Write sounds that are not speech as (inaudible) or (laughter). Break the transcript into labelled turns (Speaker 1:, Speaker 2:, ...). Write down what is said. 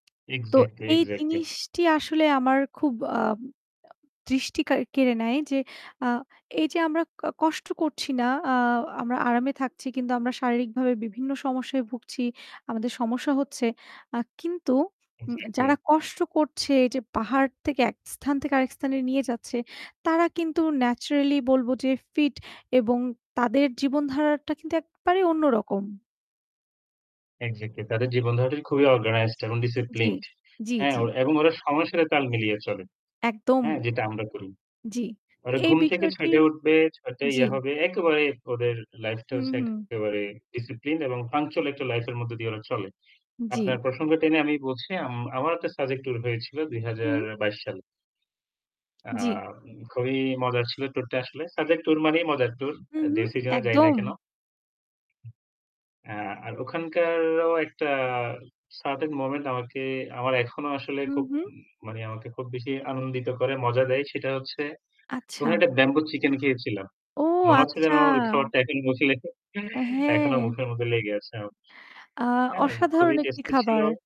Speaker 1: তো
Speaker 2: এক্সাক্টলি,
Speaker 1: এই
Speaker 2: এক্সাক্টলি।
Speaker 1: জিনিসটি আসলে আমার খুব আ দৃষ্টি কাড় কেড়ে নেয় যে আ এই যে আমরা ক কষ্ট করছি না আ আমরা আরামে থাকছি কিন্তু আমরা শারীরিকভাবে বিভিন্ন সমস্যায় ভুগছি। আমাদের সমস্যা হচ্ছে। আ কিন্তু উম
Speaker 2: এক্সাক্টলি।
Speaker 1: যারা কষ্ট করছে এই যে পাহাড় থেকে এক স্থান থেকে আরেক স্থানে নিয়ে যাচ্ছে তারা কিন্তু ন্যাচারালি বলব যে ফিট এবং তাদের জীবনধারাটা কিন্তু একেবারেই অন্য রকম।
Speaker 2: এক্সাক্টলি তাদের জীবনধারাটি খুবই অর্গানাইজড এবং
Speaker 1: জ্বি,
Speaker 2: ডিসিপ্লিনড।
Speaker 1: জ্বি,
Speaker 2: হ্যাঁ
Speaker 1: জ্বি।
Speaker 2: ও এবং ওরা সময়সারে তাল মিলিয়ে চলে।
Speaker 1: একদম।
Speaker 2: হ্যাঁ? যেটা আমরা করি।
Speaker 1: জ্বি, তো
Speaker 2: ওরা
Speaker 1: এই
Speaker 2: ঘুম থেকে
Speaker 1: বিষয়টি
Speaker 2: ৬ টায় উঠবে, ৬ টায়
Speaker 1: জ্বি
Speaker 2: ইয়ে হবে। একেবারে ওদের লাইফটা
Speaker 1: হুম,
Speaker 2: হচ্ছে
Speaker 1: হুম।
Speaker 2: একেবারে ডিসিপ্লিন এবং পাংচুয়াল একটা লাইফ এর মধ্যে দিয়ে ওরা চলে।
Speaker 1: জ্বি।
Speaker 2: আপনার প্রসঙ্গ টেনে আমি বলছি আম আমার একটা সাজেক ট্যুর হয়েছিল বিশ
Speaker 1: হুম।
Speaker 2: বাইশ সালে।
Speaker 1: জ্বি।
Speaker 2: আম খুবই মজার ছিল ট্যুর টা আসলে। সাজেক ট্যুর মানেই মজার ট্যুর।
Speaker 1: হু,
Speaker 2: অ্যা
Speaker 1: হু,
Speaker 2: যেই সিজনে যাই না
Speaker 1: একদম।
Speaker 2: কেন। এ্যা আর ওখানকারও একটা সার্টেন মোমেন্ট আমাকে আমার এখনো আসলে
Speaker 1: হুম,
Speaker 2: খুব,
Speaker 1: হুম।
Speaker 2: মানে আমাকে খুব বেশি আনন্দিত করে, মজা দেয়। সেটা হচ্ছে কোন
Speaker 1: আচ্ছা।
Speaker 2: একটা ব্যাম্বো চিকেন খেয়েছিলাম।
Speaker 1: ও
Speaker 2: মনে হচ্ছে যেন
Speaker 1: আচ্ছা।
Speaker 2: ওই খাবারটা এখন মুখে লেখে
Speaker 1: অ্যা
Speaker 2: (chuckles) এখনো
Speaker 1: হ্যাঁ।
Speaker 2: মুখের মধ্যে লেগে আছে। অ
Speaker 1: আ
Speaker 2: হ্যাঁ
Speaker 1: অসাধারণ
Speaker 2: খুবই
Speaker 1: একটি
Speaker 2: টেস্টি ছিল।
Speaker 1: খাবার।